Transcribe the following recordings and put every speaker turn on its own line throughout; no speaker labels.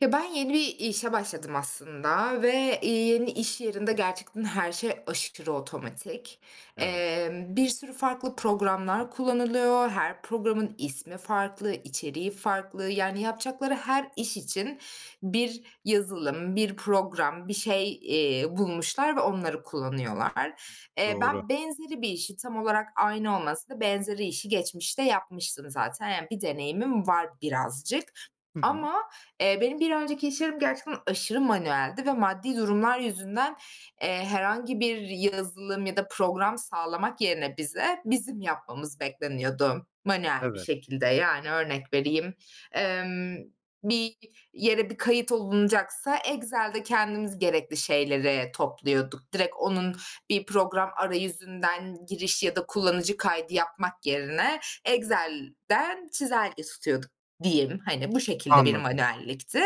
Ya, ben yeni bir işe başladım aslında ve, iii, yeni iş yerinde gerçekten her şey aşırı otomatik.
Evet.
Emm, bir sürü farklı programlar kullanılıyor. Her programın ismi farklı, içeriği farklı, yani, yapacakları her iş için bir yazılım, bir program, bir şey, iii, bulmuşlar ve onları kullanıyorlar. Eee,
Doğru.
ben benzeri bir işi, tam olarak aynı olmasa da benzeri işi geçmişte yapmıştım zaten. Yani, bir deneyimim var birazcık.
Hı hı.
Ama, eee, benim bir önceki iş yerim gerçekten aşırı manueldi ve maddi durumlar yüzünden, eee, herhangi bir yazılım ya da program sağlamak yerine bize, bizim yapmamız bekleniyordu manuel bir
Evet.
şekilde. Yani, örnek vereyim, emm, bir yere bir kayıt olunacaksa Excel'de kendimiz gerekli şeyleri topluyorduk. Direkt onun bir program arayüzünden giriş ya da kullanıcı kaydı yapmak yerine, Excel'den çizelge tutuyorduk diyeyim. Hani, bu şekilde bir
Anladım.
manuellikti.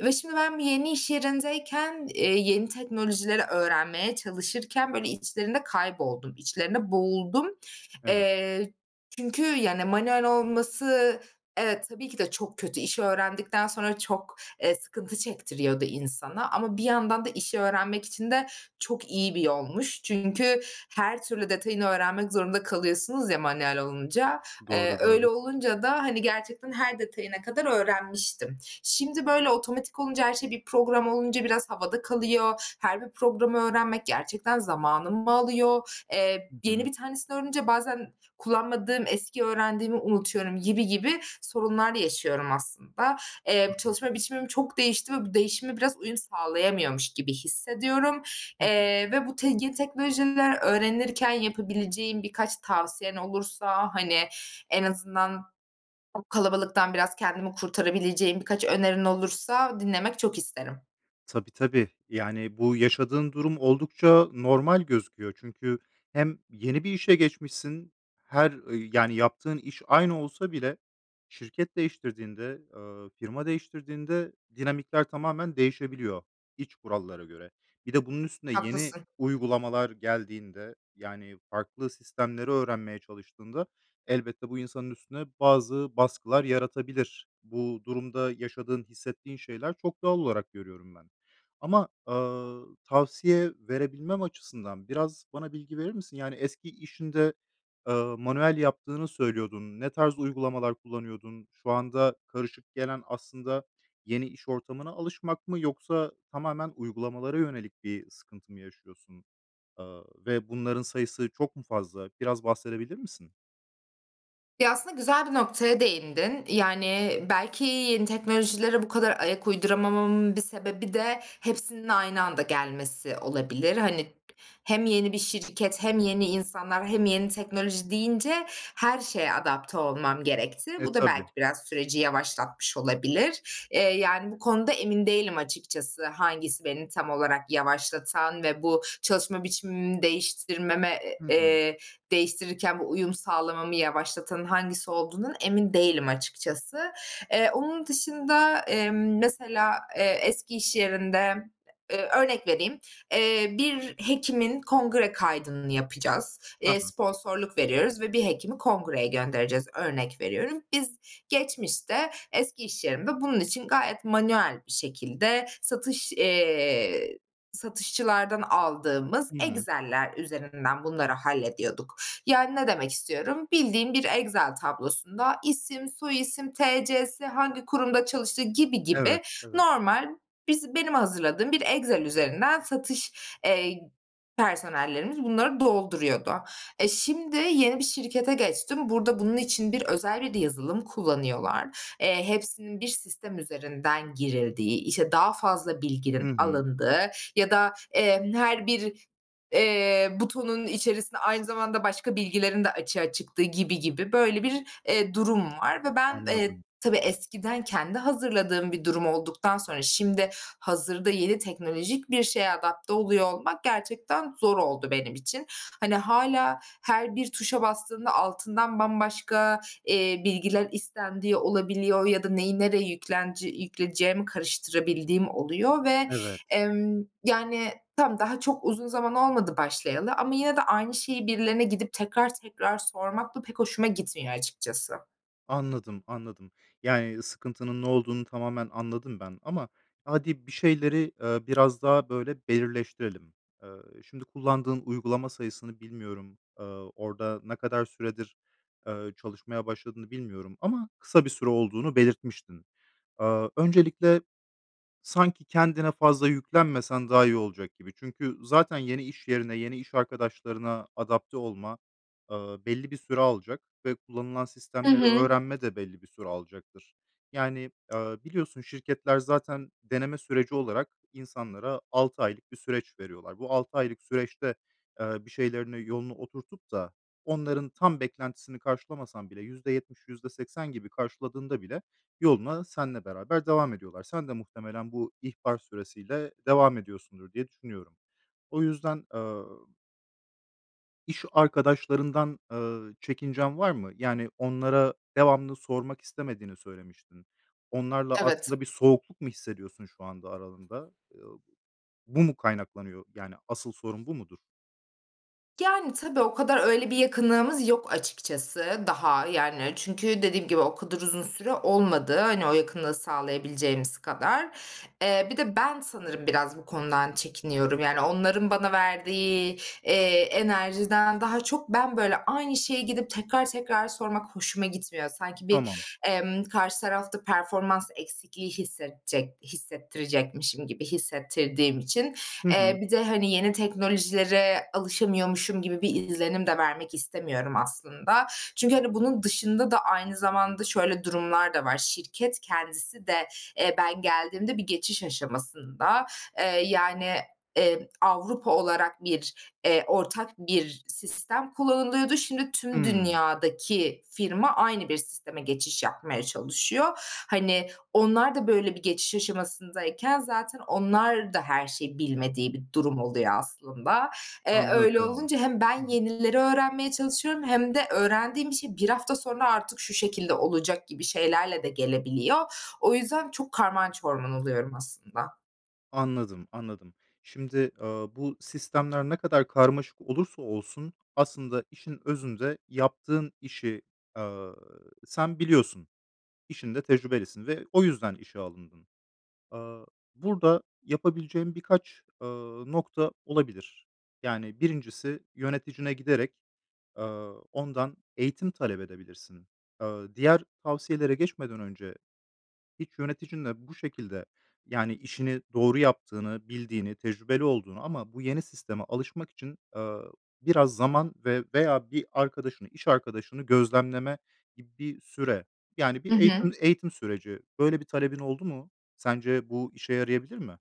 Ve şimdi ben yeni iş yerindeyken, eee, yeni teknolojileri öğrenmeye çalışırken, böyle, içlerinde kayboldum, içlerinde boğuldum.
Evet.
Eee çünkü, yani, manuel olması evet, tabii ki de çok kötü. İşi öğrendikten sonra çok, eee, sıkıntı çektiriyordu insana ama bir yandan da işi öğrenmek için de çok iyi bir yolmuş. Çünkü her türlü detayını öğrenmek zorunda kalıyorsunuz ya manuel olunca, eee,
Doğru,
öyle
doğru.
olunca da, hani, gerçekten her detayına kadar öğrenmiştim. Şimdi böyle otomatik olunca her şey, bir program olunca biraz havada kalıyor. Her bir programı öğrenmek gerçekten zamanımı alıyor. Emm,
Hı
yeni
hı.
bir tanesini öğrenince bazen kullanmadığım, eski öğrendiğimi unutuyorum gibi gibi sorunlar da yaşıyorum aslında. Eee, çalışma
Anladım.
biçimim çok değişti ve bu değişime biraz uyum sağlayamıyormuş gibi hissediyorum.
Hı hı.
Eee, ve bu tek yeni teknolojiler öğrenirken yapabileceğim birkaç tavsiyen olursa, hani, en azından [unintelligible] kalabalıktan biraz kendimi kurtarabileceğim birkaç önerin olursa dinlemek çok isterim.
Tabii, tabii. Yani, bu yaşadığın durum oldukça normal gözüküyor. Çünkü hem yeni bir işe geçmişsin, her ı yani yaptığın iş aynı olsa bile şirket değiştirdiğinde, ııı, firma değiştirdiğinde dinamikler tamamen değişebiliyor iç kurallara göre. Bir de bunun üstüne yeni
Haklısın.
uygulamalar geldiğinde, yani, farklı sistemleri öğrenmeye çalıştığında, elbette bu insanın üstüne bazı baskılar yaratabilir. Bu durumda yaşadığın, hissettiğin şeyler çok doğal olarak görüyorum ben. Ama, ııı, tavsiye verebilmem açısından biraz bana bilgi verir misin? Yani eski işinde, ııı, manuel yaptığını söylüyordun. Ne tarz uygulamalar kullanıyordun? Şu anda karışık gelen aslında yeni iş ortamına alışmak mı yoksa tamamen uygulamalara yönelik bir sıkıntı mı yaşıyorsun, ııı, ve bunların sayısı çok mu fazla? Biraz bahsedebilir misin?
Ya, aslında güzel bir noktaya değindin. Yani, belki yeni teknolojilere bu kadar ayak uyduramamamın bir sebebi de hepsinin aynı anda gelmesi olabilir. Hani, hem yeni bir şirket hem yeni insanlar hem yeni teknoloji deyince her şeye adapte olmam gerekti.
E,
Bu da
tabii.
belki biraz süreci yavaşlatmış olabilir. Eee, yani bu konuda emin değilim açıkçası hangisi beni tam olarak yavaşlatan ve bu çalışma biçimimi değiştirmeme,
Hı hı.
eee, değiştirirken bu uyum sağlamamı yavaşlatan hangisi olduğundan emin değilim açıkçası. Eee, onun dışında, emm, mesela, eee, eski iş yerinde, ııı, örnek vereyim, eee, bir hekimin kongre kaydını yapacağız.
Hı
Eee,
hı.
sponsorluk veriyoruz ve bir hekimi kongreye göndereceğiz, örnek veriyorum. Biz geçmişte, eski iş yerinde bunun için gayet manuel bir şekilde satış, eee, satışçılardan aldığımız
Hı hı.
Excel'ler üzerinden bunları hallediyorduk. Yani, ne demek istiyorum? Bildiğin bir Excel tablosunda isim, soy isim, T.C.si, hangi kurumda çalıştığı gibi
Evet,
gibi
evet.
normal, biz benim hazırladığım bir Excel üzerinden satış, eee, personellerimiz bunları dolduruyordu. E, şimdi yeni bir şirkete geçtim. Burada bunun için bir özel bir yazılım kullanıyorlar. Eee, hepsinin bir sistem üzerinden girildiği, işte, daha fazla
Hı
bilginin
hı.
alındığı ya da, eee, her bir, eee, butonun içerisine aynı zamanda başka bilgilerin de açığa çıktığı gibi gibi böyle bir, eee, durum var ve ben, eee,
Anladım.
tabii eskiden kendi hazırladığım bir durum olduktan sonra şimdi hazırda yeni teknolojik bir şeye adapte oluyor olmak gerçekten zor oldu benim için. Hani, hâlâ her bir tuşa bastığımda altından bambaşka, eee, bilgiler istendiği olabiliyor ya da neyi, nereye yüklenci yükleyeceğimi karıştırabildiğim oluyor ve,
Evet.
emm, yani, tamam, daha çok uzun zaman olmadı başlayalı ama yine de aynı şeyi birilerine gidip tekrar tekrar sormak da pek hoşuma gitmiyor açıkçası.
Anladım, anladım. Yani, sıkıntının ne olduğunu tamamen anladım ben ama hadi, bir şeyleri, ııı, biraz daha böyle belirleştirelim. Iıı, şimdi kullandığın uygulama sayısını bilmiyorum. Iıı, orada ne kadar süredir, ııı, çalışmaya başladığını bilmiyorum. Ama kısa bir süre olduğunu belirtmiştin. Iıı, öncelikle sanki kendine fazla yüklenmesen daha iyi olacak gibi. Çünkü zaten yeni iş yerine, yeni iş arkadaşlarına adapte olma, ııı, belli bir süre alacak ve kullanılan
Hı
sistemleri
hı.
öğrenme de belli bir süre alacaktır. Yani ııı, biliyorsun şirketler zaten deneme süreci olarak insanlara 6 aylık bir süreç veriyorlar. Bu 6 aylık süreçte, ııı, bir şeylerini yolunu oturtup da onların tam beklentisini karşılamasan bile %70, %80 gibi karşıladığında bile yoluna senle beraber devam ediyorlar. Sen de muhtemelen bu ihbar süresiyle devam ediyorsundur, diye düşünüyorum. O yüzden, ııı iş arkadaşlarından, eee, çekincen var mı? Yani, onlara devamlı sormak istemediğini söylemiştin. Onlarla
Evet.
aslında bir soğukluk mu hissediyorsun şu anda aralarında? Iıı, bu mu kaynaklanıyor? Yani asıl sorun bu mudur?
Yani, tabii o kadar öyle bir yakınlığımız yok açıkçası daha. Yani, çünkü dediğim gibi o kadar uzun süre olmadı, hani, o yakınlığı sağlayabileceğimiz kadar. Eee, bir de ben sanırım biraz bu konudan çekiniyorum. Yani onların bana verdiği, eee, enerjiden daha çok ben, böyle, aynı şeye gidip tekrar tekrar sormak hoşuma gitmiyor. Sanki bir,
Tamam.
emm, karşı tarafta performans eksikliği hissetçek hissettirecekmişim gibi hissettirdiğim için.
Hı hı.
Eee, bir de, hani, yeni teknolojilere alışamıyormuşum gibi bir izlenim de vermek istemiyorum aslında. Çünkü, hani, bunun dışında da aynı zamanda şöyle durumlar da var: Şirket kendisi de, eee, ben geldiğimde bir geçiş aşamasında, eee, yani, eee, Avrupa olarak bir, eee, ortak bir sistem kullanılıyordu. Şimdi tüm
Hımm.
dünyadaki firma aynı bir sisteme geçiş yapmaya çalışıyor. Hani, onlar da böyle bir geçiş aşamasındayken zaten onlar da her şeyi bilmediği bir durum oluyor aslında. Eee, öyle
Anladım.
olunca hem
Hı
ben
hı.
yenileri öğrenmeye çalışıyorum hem de öğrendiğim bir şey 1 hafta sonra artık şu şekilde olacak gibi şeylerle de gelebiliyor. O yüzden çok karman çorman oluyorum aslında.
Anladım, anladım. Şimdi, ııı, bu sistemler ne kadar karmaşık olursa olsun aslında işin özünde yaptığın işi, ııı, sen biliyorsun. İşinde tecrübelisin ve o yüzden işe alındın. Aaa, burada yapabileceğin birkaç, ııı, nokta olabilir. Yani 1'incisi yöneticine giderek, ııı, ondan eğitim talep edebilirsin. Aaa, diğer tavsiyelere geçmeden önce hiç yöneticinle bu şekilde yani işini doğru yaptığını, bildiğini, tecrübeli olduğunu ama bu yeni sisteme alışmak için, ııı, biraz zaman ve veya bir arkadaşını, iş arkadaşını gözlemleme gibi süre, yani bir
Hı
eğitim
hı.
eğitim süreci böyle bir talebin oldu mu? Sence bu işe yarayabilir mi?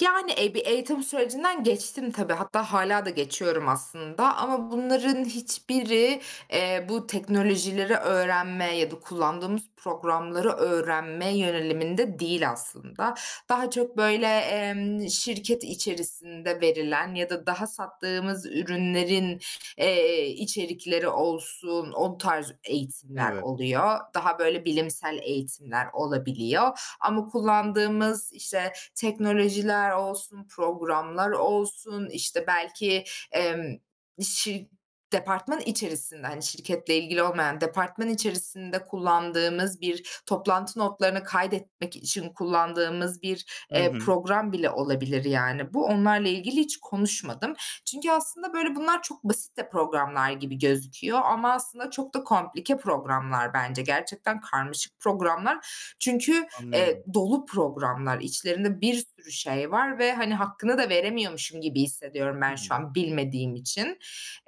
Yani, eee, bir eğitim sürecinden geçtim tabii. Hatta hâlâ da geçiyorum aslında. Ama bunların hiçbiri, eee, bu teknolojileri öğrenmeye ya da kullandığımız programları öğrenme yöneliminde değil aslında. Daha çok, böyle, emm, şirket içerisinde verilen ya da daha sattığımız ürünlerin, eee, içerikleri olsun, o tarz eğitimler
Evet.
oluyor. Daha, böyle, bilimsel eğitimler olabiliyor. Ama kullandığımız, işte, teknolojiler olsun, programlar olsun, işte, belki, emm, şir departman içerisinde, hani, şirketle ilgili olmayan, departman içerisinde kullandığımız bir toplantı notlarını kaydetmek için kullandığımız bir,
Hı
eee,
hı.
program bile olabilir yani bu. Onlarla ilgili hiç konuşmadım. Çünkü aslında, böyle, bunlar çok basit de programlar gibi gözüküyor ama aslında çok da komplike programlar bence. Gerçekten karmaşık programlar. Çünkü, eee,
Anlıyorum.
dolu programlar, içlerinde bir sürü şey var ve, hani, hakkını da veremiyormuşum gibi hissediyorum
Hı
ben şu
hı.
an bilmediğim için.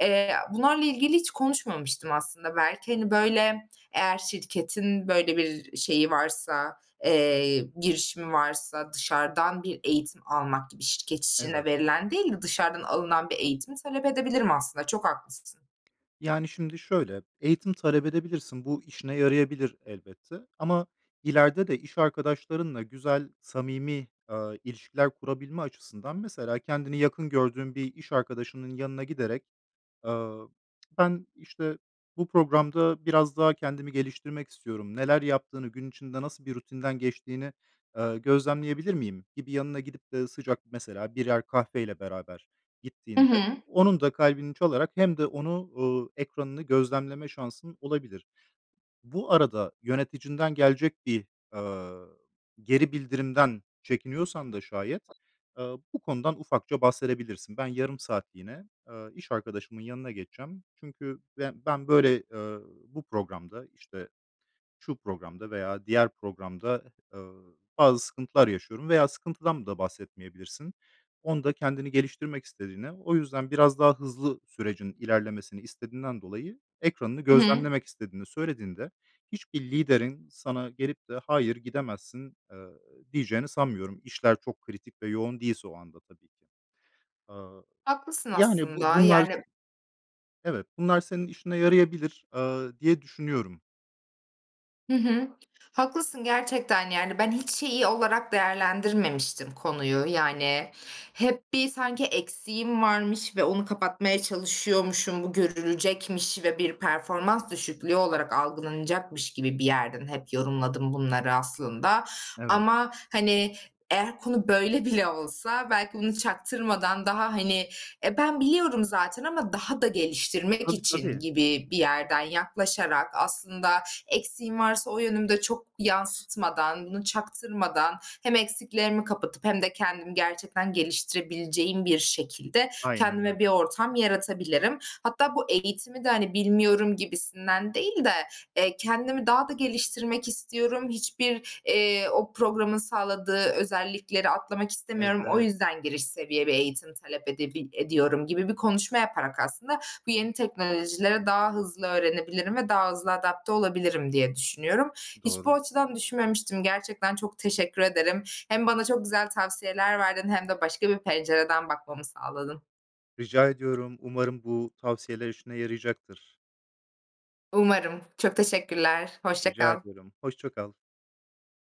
Eee, a bunlarla ilgili hiç konuşmamıştım aslında belki, hani, böyle, eğer şirketin, böyle, bir şeyi varsa, eee, girişimi varsa dışarıdan bir eğitim almak gibi şirket içine
Evet.
verilen değil de dışarıdan alınan bir eğitimi talep edebilirim aslında. Çok haklısın.
Yani şimdi şöyle eğitim talep edebilirsin. Bu işine yarayabilir elbette. Ama ileride de iş arkadaşlarınla güzel, samimi, ııı, ilişkiler kurabilme açısından mesela kendini yakın gördüğün bir iş arkadaşının yanına giderek, ııı, "Ben, işte, bu programda biraz daha kendimi geliştirmek istiyorum, neler yaptığını, gün içinde nasıl bir rutinden geçtiğini, ııı, gözlemleyebilir miyim?" gibi yanına gidip de sıcak mesela birer kahveyle beraber
Hı
gittiğinde, e,
hı.
onun da kalbini çalarak hem de onu, uuu, ekranını gözlemleme şansın olabilir. Bu arada yöneticinden gelecek bir, ııı, geri bildirimden çekiniyorsan da şayet, ııı, bu konudan ufakça bahsedebilirsin. "Ben yarım saatliğine, aaa, iş arkadaşımın yanına geçeceğim. Çünkü be ben, böyle, ııı, bu programda", işte, şu programda veya diğer programda, ııı, "bazı sıkıntılar yaşıyorum." veya sıkıntıdan da bahsetmeyebilirsin. Onda kendini geliştirmek istediğine, o yüzden biraz daha hızlı sürecin ilerlemesini istediğinden dolayı ekranını
Hı hı.
gözlemlemek istediğini söylediğinde, hiçbir liderin sana gelip de "Hayır, gidemezsin." ııı, diyeceğini sanmıyorum. İşler çok kritik ve yoğun değilse o anda tabii ki. Aaa,
Haklısın
yani bu
aslında,
bunlar,
yani
t evet, bunlar senin işine yarayabilir, ııı, diye düşünüyorum.
Hı hı. Haklısın, gerçekten, yani. Ben hiç şeyi olarak değerlendirmemiştim konuyu, yani, hep bir sanki eksiğim varmış ve onu kapatmaya çalışıyormuşum, bu görülecekmiş ve bir performans düşüklüğü olarak algılanacakmış gibi bir yerden hep yorumladım bunları aslında.
Evet.
Ama, hani, eğer konu böyle bile olsa, belki bunu çaktırmadan daha, hani, e, ben biliyorum zaten ama daha da geliştirmek
Tabii,
için
tabii.
gibi bir yerden yaklaşarak aslında eksiğim varsa o yönümü de çok yansıtmadan, bunu çaktırmadan, hem eksiklerimi kapatıp hem de kendimi gerçekten geliştirebileceğim bir şekilde
Aynen
kendime
öyle.
bir ortam yaratabilirim. Hatta bu eğitimi de, hani, bilmiyorum gibisinden değil de, eee, kendimi daha da geliştirmek istiyorum. Hiçbir, eee, o programın sağladığı özellikleri atlamak istemiyorum. O
Evet.
yüzden giriş seviye bir eğitim talep edebil ediyorum gibi bir konuşma yaparak aslında bu yeni teknolojileri daha hızlı öğrenebilirim ve daha hızlı adapte olabilirim diye düşünüyorum. Hiç bu
Doğru.
açıdan düşünmemiştim. Gerçekten çok teşekkür ederim. Hem bana çok güzel tavsiyeler verdin hem de başka bir pencereden bakmamı sağladın.
Rica ediyorum. Umarım bu tavsiyeler işine yarayacaktır.
Umarım. Çok teşekkürler. Hoşça
Rica
kal.
ediyorum, hoşça kal.